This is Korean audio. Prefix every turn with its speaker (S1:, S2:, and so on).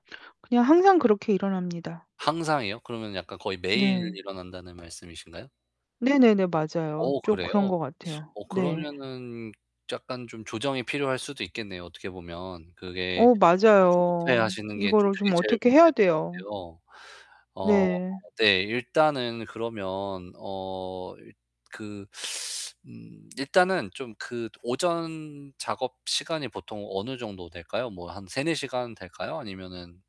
S1: 그냥 항상 그렇게 일어납니다.
S2: 항상이요? 그러면 약간 거의 매일
S1: 네.
S2: 일어난다는 말씀이신가요?
S1: 네네네. 맞아요.
S2: 어
S1: 좀 그런
S2: 그래요?
S1: 것 같아요.
S2: 어
S1: 네.
S2: 그러면은 약간 좀 조정이 필요할 수도 있겠네요, 어떻게 보면. 그게
S1: 어
S2: 항상 조급해
S1: 맞아요.
S2: 하시는 게 좀
S1: 이거를
S2: 그게
S1: 좀
S2: 제일
S1: 어떻게 해야
S2: 문제인 것
S1: 돼요.
S2: 같아요. 어
S1: 네.
S2: 네. 일단은 그러면 어 일 그 음 일단은 좀 그 오전 작업 시간이 보통 어느 정도 될까요? 뭐 한 3-4 시간 될까요? 아니면은